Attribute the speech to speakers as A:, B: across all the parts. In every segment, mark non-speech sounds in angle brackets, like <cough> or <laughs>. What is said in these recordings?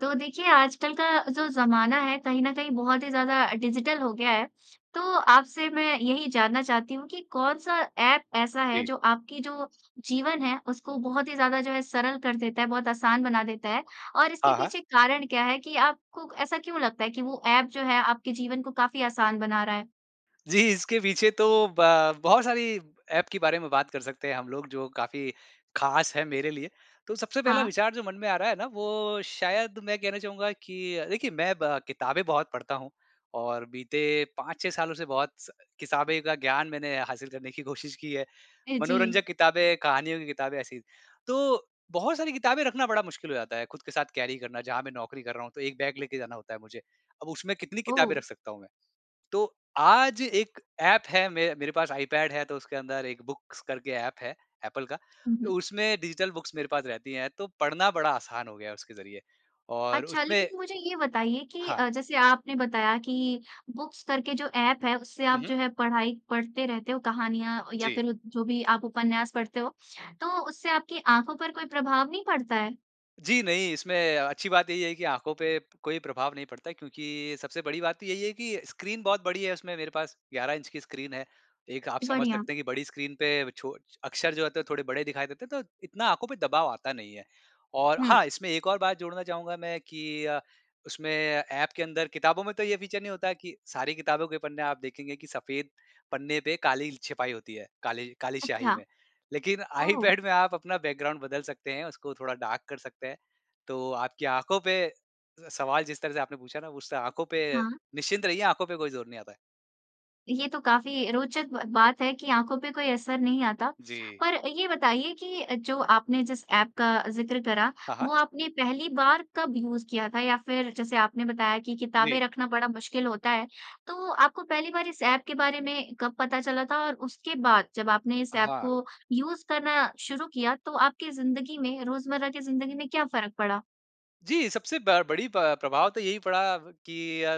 A: तो देखिए, आजकल का जो ज़माना है, कहीं न कहीं बहुत ही ज़्यादा डिजिटल हो गया है। तो आपसे मैं यही जानना चाहती हूँ कि कौन-सा ऐप ऐसा है,
B: जी।
A: जो आपकी जो जीवन है, उसको बहुत ही ज़्यादा जो है सरल कर देता है, बहुत आसान बना देता है। और इसके
B: हाँ, हाँ।
A: पीछे कारण क्या है कि आपको ऐसा क्यों लगता है कि वो ऐप जो है आपके जीवन को काफ़ी आसान बना रहा है?
B: जी, इसके पीछे तो ब बहुत सारी ऐप के बारे में बात कर सकते हैं हम लोग, जो काफ़ी खास है मेरे लिए। तो सबसे पहला
A: हाँ।
B: विचार जो मन में आ रहा है ना, वो शायद मैं कहना चाहूँगा कि अ, देखिए मैं ब किताबें बहुत पढ़ता हूँ और बीते 5-6 सालों से बहुत स किताबें का ज्ञान मैंने हासिल करने की कोशिश की है।
A: अ, जी।
B: मनोरंजक किताबें, कहानियों की किताबें, ऐसी तो बहुत सारी किताबें रखना बड़ा मुश्किल हो जाता है खुद के साथ कैरी करना, जहाँ मैं नौकरी कर रहा हूँ, तो 1 बैग लेके जाना होता है मुझे। अब उसमें कितनी किताबें
A: ओह!
B: रख सकता हूँ मैं। तो आज एक ऐप है मे मेरे पास आईपैड है, तो उसके अंदर एक बुक्स करके ऐप है एप्पल का,
A: हुँ, हुँ।
B: उसमें डिजिटल बुक्स मेरे पास रहती हैं, तो पढ़ना बड़ा आसान हो गया है उसके जरिए और
A: अच्छा,
B: उसमें
A: लेकिन मुझे ये बताइए कि
B: हाँ।
A: अ, जैसे आपने बताया कि बुक्स करके जो ऐप है, उससे
B: हुँ,
A: आप
B: हुँ।
A: जो है पढ़ाई पढ़ते रहते हो, कहानियाँ या
B: जी।
A: फिर <unintelligible> जो भी आप उपन्यास पढ़ते हो। तो उससे आपके आँखों पर कोई प्रभाव नहीं पड़ता है?
B: जी नहीं, इसमें अच्छी बात यही है कि आँखों पे कोई प्रभाव नहीं पड़ता है, क्योंकि सबसे बड़ी बात तो यही है कि स्क्रीन बहुत बड़ी है। उसमें मेरे पास 11 इंच की स्क्रीन है। एक आप समझ
A: बढ़िया।
B: सकते हैं कि बड़ी स्क्रीन पे छो अक्षर जो होते हैं, थोड़े बड़े दिखाई देते हैं, तो इतना आँखों पे दबाव आता नहीं है। और
A: हुँ।
B: हाँ, इसमें एक और बात जोड़ना चाहूँगा मैं कि अ, उसमें ऐप के अंदर किताबों में तो ये फीचर नहीं होता है कि सारी किताबों के पन्ने आप देखेंगे कि सफेद पन्ने पे काली ल छपाई होती है, काली काली स्याही
A: अच्छा,
B: में। लेकिन
A: ओह!
B: आईपैड में आप अपना बैकग्राउंड बदल सकते हैं, उसको थोड़ा डार्क कर सकते हैं। तो आपकी आँखों पे अ, सवाल जिस तरह से आपने पूछा ना, उससे आँखों पे
A: हाँ।
B: निश्चिंत रहिए, आँखों पर कोई जोर नहीं आता है।
A: ये तो काफ़ी रोचक ब बात है कि आँखों पे कोई असर नहीं आता।
B: जी।
A: पर ये बताइए कि जो आपने जिस ऐप का ज़िक्र करा,
B: हाँ, हाँ।
A: वो आपने पहली बार कब यूज़ किया था? या फिर जैसे आपने बताया कि किताबें
B: जी।
A: रखना बड़ा मुश्किल होता है तो आपको पहली बार इस ऐप के बारे में कब पता चला था? और उसके बाद जब आपने इस ऐप
B: हाँ।
A: को यूज़ करना शुरू किया तो आपकी ज़िन्दगी में, रोज़मर्रा की ज़िन्दगी में क्या फ़र्क पड़ा?
B: जी, सबसे ब बड़ी प प्रभाव तो यही पड़ा कि अ,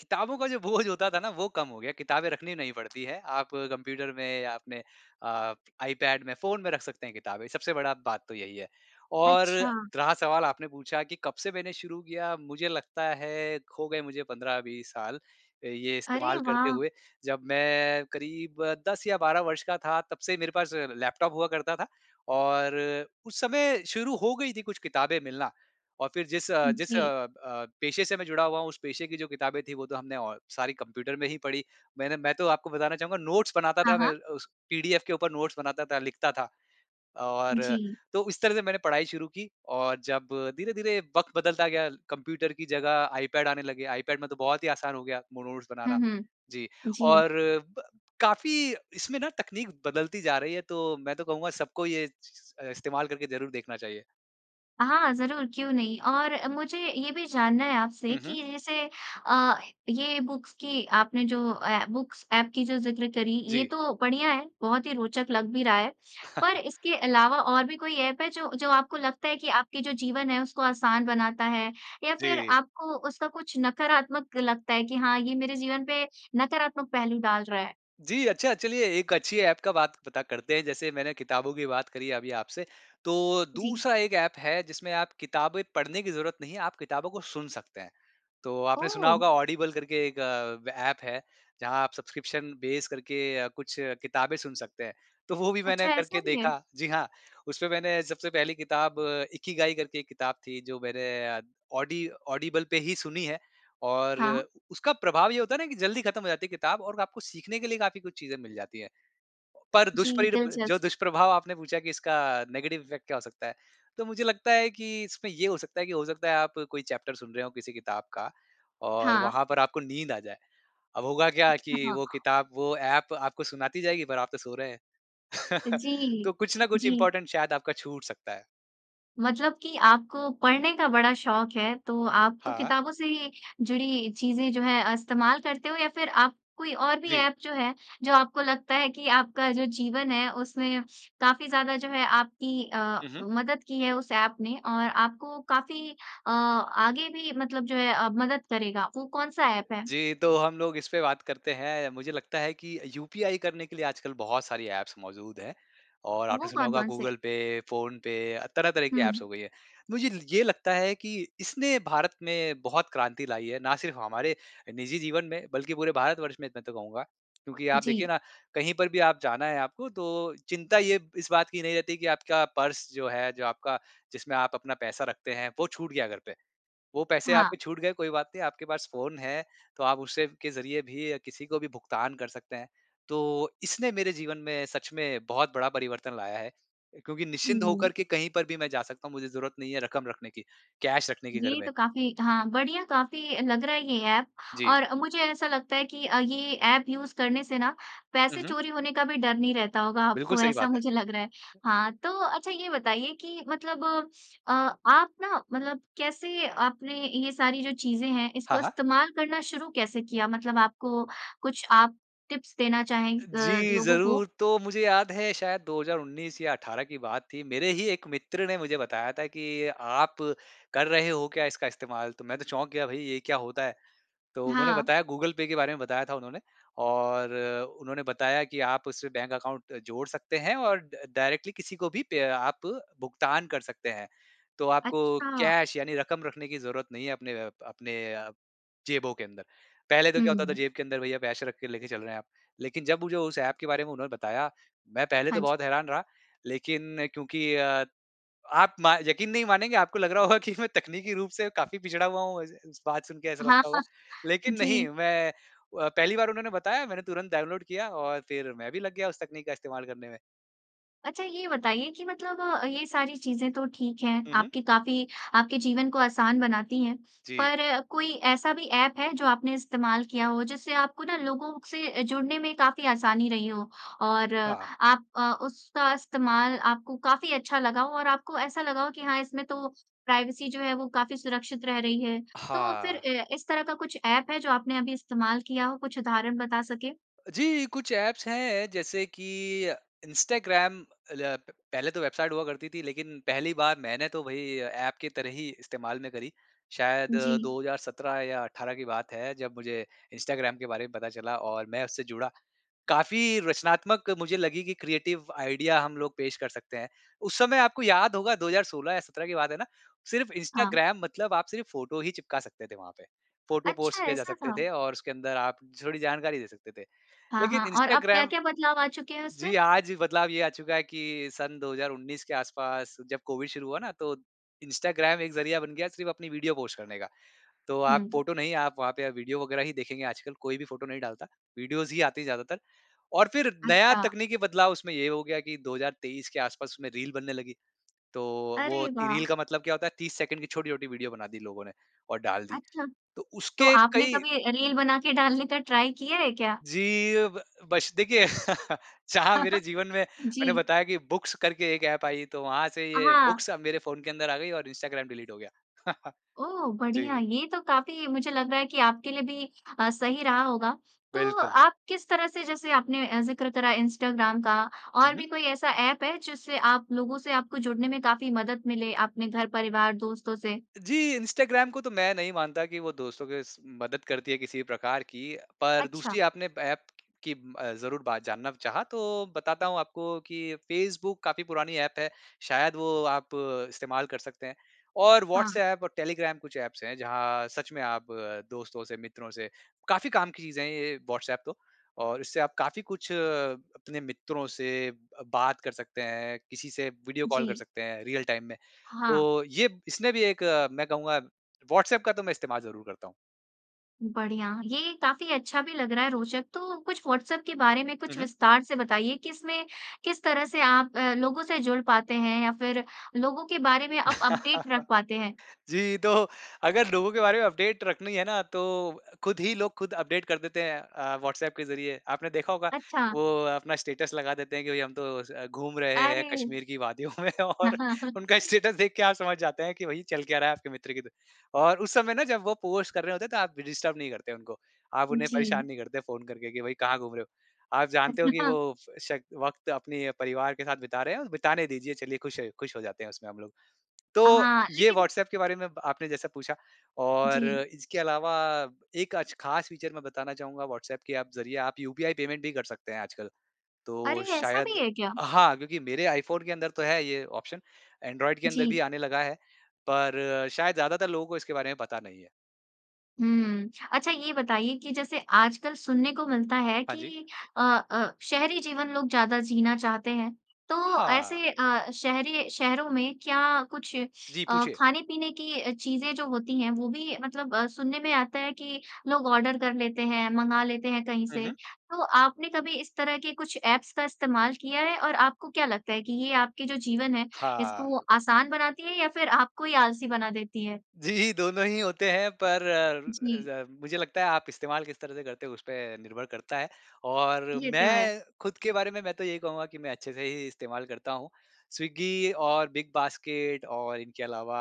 B: किताबों का जो बोझ होता था ना वह कम हो गया। किताबें रखनी नहीं पड़ती है आप कंप्यूटर में या अपने अ, iPad में, फ़ोन में रख सकते हैं किताबें, सबसे बड़ा बात तो यही है। और
A: अच्छा।
B: रहा सवाल आपने पूछा कि कब से मैंने शुरू किया, मुझे लगता है हो गए मुझे 15-20 साल ये
A: अरे
B: इस्तेमाल करते
A: वाह!
B: हुए। जब मैं क़रीब 10 या 12 वर्ष का था तब से मेरे पास लैपटॉप हुआ करता था और उस समय शुरू हो गई थी कुछ किताबें मिलना। और फिर जिस अ जिस अ
A: जी।
B: अ, पेशे से मैं जुड़ा हुआ हूँ उस पेशे की जो किताबें थीं वो तो हमने अ, सारी कंप्यूटर में ही पढ़ी। मैंने मैं तो आपको बताना चाहूँगा नोट्स बनाता
A: हाँ,
B: था, मैं
A: हाँ।
B: उस पीडीएफ के ऊपर नोट्स बनाता था, लिखता था। और
A: जी।
B: तो इस तरह से मैंने पढ़ाई शुरू की। और जब धीरे-धीरे वक़्त बदलता गया कंप्यूटर की जगह iPad आने लगे, iPad में तो बहुत ही आसान हो गया मो नोट्स
A: हुँ,
B: बनाना।
A: हुँ।
B: जी।
A: जी।
B: और ब काफ़ी इसमें ना तकनीक बदलती जा रही है तो मैं तो कहूँगा सबको ये चीज़ अ, इस्तेमाल करके ज़रूर देखना चाहिए।
A: हाँ, ज़रूर क्यों नहीं। और मुझे ये भी जानना है आपसे
B: हुँ, हुँ।
A: कि जैसे अ, ये बुक्स की आपने जो अ, बुक्स ऐप की जो ज़िक्र करी ये
B: जी।
A: तो बढ़िया है, बहुत ही रोचक लग भी रहा है। पर
B: <chuckles>
A: इसके अलावा और भी कोई ऐप है जो-जो आपको लगता है कि आपके जो जीवन है उसको आसान बनाता है? या फिर
B: जी।
A: आपको उसका कुछ नकारात्मक लगता है कि हाँ ये मेरे जीवन पे नकारात्मक पहलू डाल रहा है?
B: जी, अच्छा चलिए एक अच्छी ऐप का बात पता करते हैं, जैसे मैंने किताबों की बात करी अभी आपसे। तो
A: जी।
B: दूसरा एक ऐप है जिसमें आप किताबें पढ़ने की जरूरत नहीं है, आप किताबों को सुन सकते हैं। तो आपने सुना
A: ओह!
B: होगा ऑडिबल करके एक अ, ऐप है। जहाँ आप सब्सक्रिप्शन बेस करके कुछ किताबें सुन सकते हैं, तो वो भी
A: अच्छा,
B: मैंने
A: ऐसा
B: करके
A: भी है।
B: देखा। जी हाँ उसपे मैंने सबसे पहली किताब इकिगाई करके एक किताब थी, जो मैंने ऑडी ऑडिबल पे ही सुनी है। और
A: हाँ।
B: उसका प्रभाव ये होता है ना, कि जल्दी खत्म हो जाती है किताब और आपको सीखने के लिए काफ़ी कुछ चीज़ें मिल जाती हैं। पर
A: जी
B: दुष्परी ब
A: दिलचस्प।
B: जो दुष्प्रभाव आपने पूछा कि इसका नेगेटिव इफेक्ट क्या हो सकता है। तो मुझे लगता है कि इसमें ये हो सकता है कि हो सकता है आप कोई चैप्टर सुन रहे हो किसी किताब का और
A: हाँ।
B: वहाँ पर आपको नींद आ जाए। अब होगा क्या कि वो
A: <unintelligible>
B: किताब वो ऐप आपको सुनाती जाएगी पर आप तो सो रहे हैं। <chuckles>
A: जी,
B: तो कुछ ना कुछ
A: जी।
B: इम्पोर्टेंट शायद आपका छूट सकता है।
A: मतलब कि आपको पढ़ने का बड़ा शौक़ है तो आप तो
B: हाँ।
A: किताबों से ही जुड़ी चीज़ें जो हैं इस्तेमाल करते हो या फिर आप कोई और भी
B: जी।
A: ऐप जो है जो आपको लगता है कि आपका जो जीवन है उसमें काफ़ी ज़्यादा जो है आपकी अ,
B: हुँ, हुँ।
A: मदद की है उस ऐप ने और आपको काफ़ी अ, आगे भी मतलब जो है अ, मदद करेगा। वो कौन-सा ऐप है?
B: जी तो हम लोग इस पे बात करते हैं। मुझे लगता है कि यूपीआई करने के लिए आजकल बहुत सारी ऐप्स मौजूद हैं और आपने
A: वो
B: सुना होगा
A: कौन-कौन से?
B: गूगल-पे, फोन-पे तरह-तरह की ऐप्स
A: हुँ।
B: हो गई हैं। मुझे ये लगता है कि इसने भारत में बहुत क्रांति लाई है, न सिर्फ़ हमारे निजी जीवन में बल्कि पूरे भारतवर्ष में, मैं तो कहूँगा। क्योंकि आप देखिए
A: जी।
B: न कहीं पर भी आप जाना है आपको तो चिंता ये इस बात की नहीं रहती कि आपका पर्स जो है जो आपका जिसमें आप अपना पैसा रखते हैं वो छूट गया घर पे। वो पैसे
A: हाँ।
B: आपके छूट गए कोई बात नहीं आपके पास फ़ोन है तो आप उस के ज़रिए भी किसी को भी भुगतान कर सकते हैं। तो इसने मेरे जीवन में सच में बहुत बड़ा परिवर्तन लाया है क्योंकि निश्चिंत
A: हम्म।
B: होकर के कहीं पर भी मैं जा सकता हूँ मुझे ज़रूरत नहीं है रकम रखने की, कैश रखने की घर
A: ये
B: में।
A: तो काफ़ी हाँ, बढ़िया काफ़ी लग रहा है ये ऐप
B: जी।
A: और मुझे ऐसा लगता है कि अ, ये ऐप यूज़ करने से न
B: हुँ,
A: पैसे
B: हुँ।
A: चोरी होने का भी डर नहीं रहता होगा
B: बिल्कुल
A: आपको,
B: सही
A: ऐसा
B: बात है।
A: मुझे लग रहा है। हाँ, तो अच्छा ये बताइए कि मतलब अ, आप न मतलब कैसे आपने ये सारी जो चीज़ें हैं इसको
B: हाँ, हाँ।
A: इस्तेमाल करना शुरू कैसे किया? मतलब आपको कुछ आप टिप्स देना चाहें अ,
B: जी
A: लोगों को?
B: ज़रूर। तो मुझे याद है शायद 2019 या 18 की बात थी। मेरे ही एक मित्र ने मुझे बताया था कि आप कर रहे हो क्या इसका इस्तेमाल? तो मैं तो चौंक गया भई ये क्या होता है? तो उन्होंने
A: हाँ।
B: बताया गूगल-पे के बारे में बताया था उन्होंने और उन्होंने बताया कि आप उससे बैंक अकाउंट जोड़ सकते हैं और ड डायरेक्टली किसी को भी पे आप भुगतान कर सकते हैं। तो आपको
A: अच्छा।
B: कैश यानी रकम रखने की ज़रूरत नहीं है अपने अ, अपने अ, जेबों के अंदर। पहले तो क्या होता था
A: हुँ।
B: जेब के अंदर भैया पैसे रख के लेके चल रहे हैं आप। लेकिन जब मुझे उस ऐप के बारे में उन्होंने बताया, मैं पहले
A: हाँ
B: तो
A: जी।
B: बहुत हैरान रहा लेकिन क्योंकि अ, आप म यक़ीन नहीं मानेंगे आपको लग रहा होगा कि मैं तकनीकी रूप से काफ़ी पिछड़ा हुआ हूँ इस इस बात सुनके ऐसा
A: हाँ,
B: लगता होगा।
A: हाँ।
B: लेकिन नहीं
A: जी।
B: मैं अ, पहली बार उन्होंने बताया मैंने तुरंत डाउनलोड किया और फिर मैं भी लग गया उस तकनीक का इस्तेमाल करने में।
A: अच्छा ये बताइए कि मतलब ये सारी चीज़ें तो ठीक हैं,
B: हुँ, हुँ।
A: आपकी काफ़ी आपके जीवन को आसान बनाती हैं।
B: जी।
A: पर कोई ऐसा भी ऐप है जो आपने इस्तेमाल किया हो, जिससे आपको ना लोगों से जुड़ने में काफ़ी आसानी रही हो, और
B: हाँ।
A: आप अ, उसका इस्तेमाल आपको काफ़ी अच्छा लगा हो और आपको ऐसा लगा हो कि हाँ, इसमें तो प्राइवेसी जो है, वो काफ़ी सुरक्षित रह रही है। तो फिर
B: हाँ।
A: ए इस तरह का कुछ ऐप है जो आपने अभी इस्तेमाल किया हो, कुछ उदाहरण बता सकें?
B: अ, जी, कुछ ऐप्स हैं जैसे कि अ, इंस्टाग्राम ऐ प पहले तो वेबसाइट हुआ करती थी लेकिन पहली बार मैंने तो वही ऐप की तरह ही इस्तेमाल में करी। शायद
A: जी।
B: 2017 या 18 की बात है, जब मुझे इंस्टाग्राम के बारे में पता चला और मैं उससे जुड़ा। काफ़ी रचनात्मक मुझे लगी कि क्रिएटिव आईडिया हम लोग पेश कर सकते हैं। उस समय आपको याद होगा 2016 या 17 की बात है ना? सिर्फ़
A: हाँ।
B: इंस्टाग्राम मतलब आप सिर्फ़ फोटो ही चिपका सकते थे वहाँ पे। फोटो
A: अच्छा
B: पोस्ट किए जा
A: ऐसा
B: सकते
A: था?
B: थे और उसके अंदर आप थोड़ी जानकारी दे सकते थे।
A: हाँ,
B: लेकिन
A: हाँ, और अब
B: इंस्टाग्राम
A: क्या-क्या बदलाव आ चुके है
B: जी,
A: उसमें?
B: आज बदलाव ये आ चुका है कि सन 2019 के आसपास जब कोविड शुरू हुआ ना, तो इंस्टाग्राम एक ज़रिया बन गया सिर्फ़ अपनी वीडियो पोस्ट करने का। तो आप
A: हुँ।
B: फोटो नहीं, आप वहाँ पे वीडियो वगैरह ही देखेंगे आजकल, कोई भी फोटो नहीं डालता। वीडियोस ही आती हैं ज़्यादातर, और फिर नया
A: अच्छा।
B: तकनीकी बदलाव उसमें ये हो गया कि 2023 के आसपास उसमें रील बनने लगी, तो वो
A: अरे
B: ती रील
A: वाह!
B: का मतलब क्या होता है 30 सेकंड की छोटी-छोटी वीडियो बना दी लोगों ने और डाल दी।
A: अच्छा।
B: तो
A: तो
B: उसके
A: आपने
B: कई
A: कभी अ, रील बना के डालने का ट्राई किया है क्या?
B: जी, अब बस देखिए <laughs> चाह मेरे
A: <chuckles>
B: जीवन में मैंने
A: जी।
B: बताया कि बुक्स करके एक ऐप आई तो वहाँ से
A: अ,
B: ये
A: हाँ।
B: बुक्स अब मेरे फ़ोन के अंदर आ गई और इंस्टाग्राम डिलीट हो गया। <laughs>
A: ओह, बढ़िया!
B: जी।
A: ये तो काफ़ी मुझे लग रहा है कि आपके लिए भी अ, सही रहा होगा। तो
B: बिल्कुल।
A: आप किस तरह से जैसे आपने अ, ज़िक्र करा इंस्टाग्राम का और
B: हुँ।
A: भी कोई ऐसा ऐप है जिससे आप लोगों से आपको जुड़ने में काफ़ी मदद मिले अपने घर-परिवार, दोस्तों से?
B: जी, इंस्टाग्राम को तो मैं नहीं मानता कि वो दोस्तों के स मदद करती है किसी भी प्रकार की। पर
A: अच्छा।
B: दूसरी आपने ऐप की अ, ज़रूर बात जानना चाहा तो बताता हूँ आपको कि फ़ेसबुक काफ़ी पुरानी ऐप है, शायद वो आप इस्तेमाल कर सकते हैं और
A: हाँ।
B: व्हाट्सऐप और टेलीग्राम कुछ ऐप्स हैं, जहाँ सच में आप दोस्तों से मित्रों से काफ़ी काम की चीज़ें हैं ये व्हाट्सऐप तो, और इससे आप काफ़ी कुछ अपने मित्रों से अ, बात कर सकते हैं, किसी से वीडियो कॉल कर
A: जी।
B: सकते हैं रियल टाइम में।
A: हाँ।
B: तो ये इसमें भी एक मैं कहूँगा, व्हाट्सऐप का तो मैं इस्तेमाल ज़रूर करता हूँ।
A: बढ़िया। ये काफ़ी अच्छा भी लग रहा है रोचक। तो कुछ व्हाट्सऐप के बारे में
B: हुँ,
A: कुछ
B: हुँ।
A: विस्तार से बताइए कि इसमें, किस तरह से आप अ, लोगों से जुड़ पाते हैं या फ़िर लोगों के बारे में आप अपडेट रख
B: <laughs>
A: पाते हैं?
B: जी। तो अगर लोगों के बारे में अपडेट रखनी है ना तो खुद ही लोग ख़ुद अपडेट कर देते हैं अ, व्हाट्सऐप के ज़रिए। आपने देखा होगा
A: अच्छा।
B: वो अपना स्टेटस लगा देते हैं कि भाई हम तो अ, घूम रहे हैं
A: अरे!
B: कश्मीर की वादियों में और उनका
A: <laughs>
B: स्टेटस देख के आप समझ जाते हैं कि भाई चल क्या रहा है आपके मित्र की दु और उस समय ना जब वो पोस्ट कर रहे होते हैं तो आप डिस्टर्ब नहीं करते उनको आप उन्हें परेशान
A: जी।
B: नहीं करते फ़ोन करके कि भाई कहाँ घूम रहे हो। आप जानते हो कि वो
A: <unintelligible>
B: श वक़्त अपने परिवार के साथ बिता रहे हैं बिताने दीजिए चलिए खुश खुश हो जाते हैं उसमें हम लोग। तो
A: हाँ,
B: ये
A: लेकिन
B: व्हाट्सऐप के बारे में आपने जैसे पूछा और
A: जी।
B: इसके अलावा एक अच ख़ास फ़ीचर मैं बताना चाहूँगा व्हाट्सऐप के अब ज़रिए आप यूपीआई पेमेंट भी कर सकते हैं आजकल। तो
A: अरे! ऐसा भी
B: शायद
A: है क्या?
B: हाँ क्योंकि मेरे आईफ़ोन के अंदर तो है ये ऑप्शन, एंड्रॉइड के अंदर भी
A: जी।
B: आने लगा है। पर शायद ज़्यादातर लोगों को इसके बारे में पता नहीं है।
A: हुँ। अच्छा ये बताइए कि जैसे आजकल सुनने को मिलता है
B: हाँ, जी।
A: कि अ अ, शहरी जीवन लोग ज़्यादा जीना चाहते हैं। तो
B: हाँ।
A: ऐसे अ, शहरी शहरों में क्या कुछ
B: जी,
A: अ,
B: पूछिए।
A: खाने-पीने की अ, चीज़ें जो होती हैं वो भी मतलब अ, सुनने में आता है कि लोग ऑर्डर कर लेते हैं मँगा लेते हैं कहीं
B: हुँ,
A: से।
B: हुँ।
A: तो आपने कभी इस तरह के कुछ ऐप्स का इस्तेमाल किया है? और आपको क्या लगता है कि ये आपके जो जीवन है
B: हाँ।
A: इसको आसान बनाती है या फ़िर आपको ही आलसी बना देती हैं?
B: जी। दोनों ही होते हैं पर अ,
A: जी।
B: ज मुझे लगता है आप इस्तेमाल किस तरह से करते हो उसपे निर्भर करता है। और
A: ये तो है।
B: मैं खुद के बारे में मैं तो यही कहूँगा कि मैं अच्छे से ही इस्तेमाल करता हूँ। स्विगी और बिग बास्केट और इनके अलावा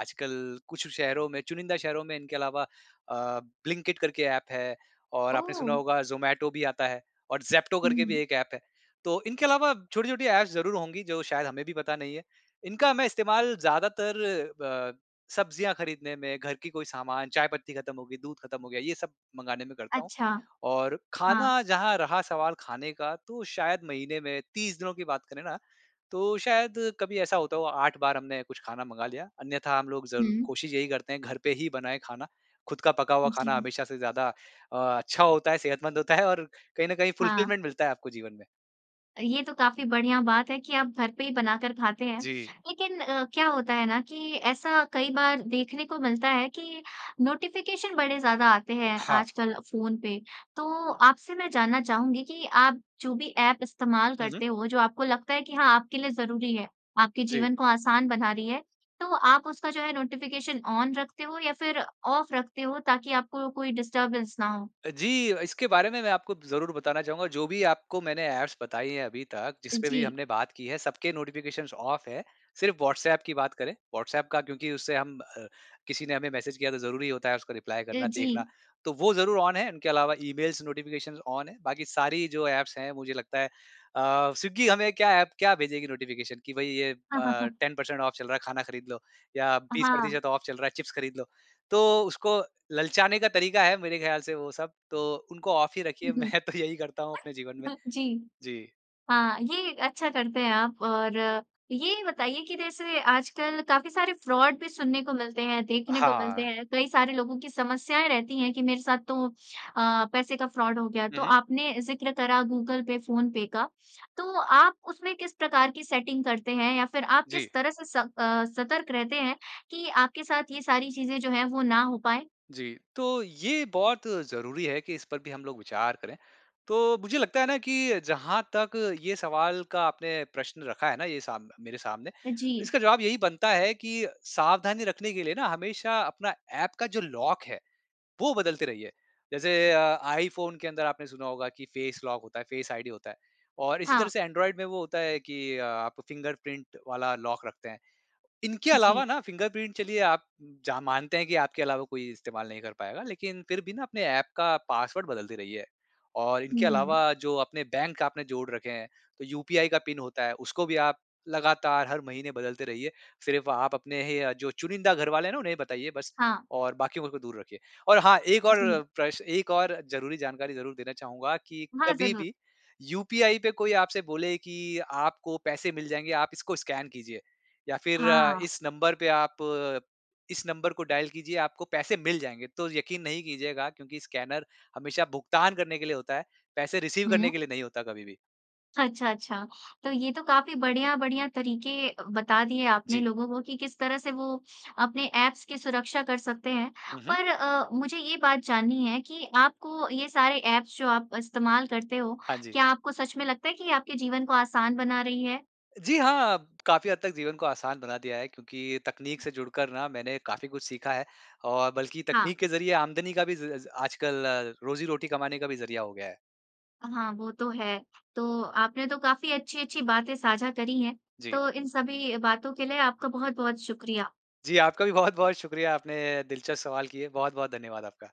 B: आजकल कुछ शहरों में चुनिंदा शहरों में इनके अलावा अ, ब्लिंकिट करके ऐप है और आपने सुना
A: ओह!
B: होगा ज़ोमैटो भी आता है और ज़ेप्टो करके भी
A: हुँ।
B: एक ऐप है। तो इनके अलावा छोटी-छोटी ऐप्स ज़रूर होंगी जो शायद हमें भी पता नहीं है। इनका मैं इस्तेमाल ज़्यादातर ब सब्ज़ियाँ खरीदने में, घर की कोई सामान, चाय पत्ती ख़त्म हो गई, दूध ख़त्म हो गया ये सब मँगाने में करता हूँ।
A: अच्छा।
B: और
A: हाँ।
B: खाना जहाँ रहा सवाल खाने का तो शायद महीने में 30 दिनों की बात करें ना तो शायद कभी ऐसा होता हो 8 बार हमने कुछ खाना मँगा लिया। अन्यथा हम लोग ज़र
A: हुँ।
B: कोशिश यही करते हैं घर पे ही बनाए खाना ख़ुद का पका हुआ खाना
A: जी।
B: हमेशा से ज़्यादा अ, अच्छा होता है, सेहतमंद होता है और कहीं न कहीं
A: हाँ।
B: फ़ुलफ़िलमेंट मिलता है आपको जीवन में।
A: ये तो काफ़ी बढ़िया बात है कि आप घर पे ही बनाकर खाते हैं।
B: जी।
A: लेकिन अ, क्या होता है ना कि ऐसा कई बार देखने को मिलता है कि नोटिफिकेशन बड़े ज़्यादा आते हैं
B: हाँ।
A: आजकल फ़ोन पे। तो आपसे मैं जानना चाहूँगी कि आप जो भी ऐप इस्तेमाल
B: हुँ, हुँ।
A: करते हो जो आपको लगता है कि हाँ, आपके लिए ज़रूरी है, आपके
B: जी।
A: जीवन को आसान बना रही है। तो आप उसका जो है नोटिफिकेशन ऑन रखते हो? या फिर ऑफ रखते हो ताकि आपको कोई डिस्टर्बेंस ना हो?
B: अ, जी इसके बारे में मैं आपको ज़रूर बताना चाहुँगा। जो भी आपको मैंने ऐप्स बताई है अभी तक जिस पे भी
A: जी।
B: हमने बात की है सबके नोटिफिकेशन्स ऑफ़ है। सिर्फ व्हाट्सऐप की बात करें, व्हाट्सऐप का क्योंकि उससे हम अ, किसी ने हमें मैसेज किया तो ज़रूरी होता है उसको रिप्लाई
A: अ,
B: करना, देखना।
A: जी।
B: तो वो ज़रूर ऑन है। उनके अलावा ईमेल्स नोटिफिकेशन्स ऑन है। बाकी सारी जो ऐप्स हैं मुझे लगता है अ, स्विग्गी हमें क्या ऐप क्या भेजेगी नोटिफिकेशन कि भई ये अ,
A: हाँ, हाँ, हाँ।
B: 10 पर्सेंट ऑफ़ चल रहा है खाना खरीद लो। या बीस
A: हाँ।
B: प्रतिशत ऑफ़ चल रहा है चिप्स खरीद लो। तो उसको ललचाने का तरीका है मेरे ख्याल से वो सब। तो उनको ऑफ़ ही रखिए।
A: हुँ, हुँ।
B: मैं तो यही करता हूँ अपने जीवन
A: <hiccups>
B: में।
A: अह जी।
B: जी।
A: हाँ, ये अच्छा करते हैं आप और ये बताइए कि जैसे आजकल काफ़ी सारे फ्रॉड भी सुनने को मिलते हैं देखने को मिलते
B: हाँ।
A: हैं। कई सारे लोगों की समस्याएँ रहती हैं कि मेरे साथ तो अ, पैसे का फ्रॉड हो गया।
B: हुँ,
A: तो
B: हुँ।
A: आपने ज़िक्र करा गूगल पे, फ़ोन पे का। तो आप उसमें किस प्रकार की सेटिंग करते हैं? या फिर आप
B: जी।
A: किस तरह से स अ, सतर्क रहते हैं कि आपके साथ ये सारी चीज़ें जो है वो ना हो पाएँ?
B: जी। तो ये बहुत ज़रूरी है कि इस पर भी हम लोग विचार करें। तो मुझे लगता है ना कि जहाँ तक ये सवाल का आपने प्रश्न रखा है ना ये साम मेरे सामने।
A: जी।
B: इसका जवाब यही बनता है कि सावधानी रखने के लिए ना हमेशा अपना ऐप का जो लॉक है वो बदलते रहिए। जैसे अ, iPhone के अंदर आपने सुना होगा कि फेस लॉक होता है, फेस आईडी होता है। और इसी तरह
A: हाँ।
B: से Android में वो होता है कि अ, आप फिंगरप्रिंट वाला लॉक रखते हैं। इनके अलावा
A: जी।
B: ना फिंगरप्रिंट चलिए आप, जहाँ मानते हैं कि आपके अलावा कोई इस्तेमाल नहीं कर पाएगा लेकिन फिर भी ना अपने ऐप का पासवर्ड बदलते रहिए। और इनके
A: हुँ।
B: अलावा जो अपने बैंक आपने जोड़ रखे हैं तो यूपीआई का पिन होता है उसको भी आप लगातार हर महीने बदलते रहिए। सिर्फ़ आप अपने ही अ, जो चुनिंदा घरवाले हैं ना उन्हें ही बताइए बस
A: हाँ।
B: और बाकियों को दूर रखिए। और हाँ, एक
A: जी।
B: और प्रश्न एक और ज़रूरी जानकारी ज़रूर देना चाहूँगा कि
A: हाँ,
B: कभी
A: ज़रूर।
B: भी यूपीआई पे कोई आपसे बोले कि आपको पैसे मिल जाएँगे आप इसको स्कैन कीजिए या फिर
A: हाँ।
B: इस नंबर पे आप इस नंबर को डायल कीजिए आपको पैसे मिल जाएँगे। तो यकीन नहीं कीजिएगा। क्योंकि स्कैनर हमेशा भुगतान करने के लिए होता है, पैसे रिसीव करने
A: हुँ।
B: के लिए नहीं होता कभी भी।
A: अच्छा, अच्छा। तो ये तो काफ़ी बढ़िया-बढ़िया तरीके अ, बता दिए आपने
B: जी।
A: लोगों को कि किस तरह से वो अपने ऐप्स की सुरक्षा कर सकते हैं।
B: हुँ, हुँ।
A: पर अ, मुझे ये बात जाननी है कि आपको ये सारे ऐप्स जो आप इस्तेमाल करते हो
B: हाँ जी।
A: क्या आपको सच में लगता है कि आपके जीवन को आसान बना रही है?
B: जी, हाँ। काफ़ी हद तक जीवन को आसान बना दिया है क्योंकि तकनीक से जुड़कर ना मैंने काफ़ी कुछ सीखा है। और बल्कि
A: हाँ।
B: तकनीक के ज़रिए आमदनी का भी ज़ आजकल रोज़ी-रोटी कमाने का भी ज़रिया हो गया है।
A: हाँ, वो तो है। तो आपने तो काफ़ी अच्छी-अच्छी बातें साझा करी हैं।
B: जी।
A: तो इन सभी बातों के लिए आपका बहुत-बहुत शुक्रिया।
B: जी, आपका भी बहुत-बहुत शुक्रिया, आपने दिलचस्प सवाल किए। बहुत-बहुत धन्यवाद आपका।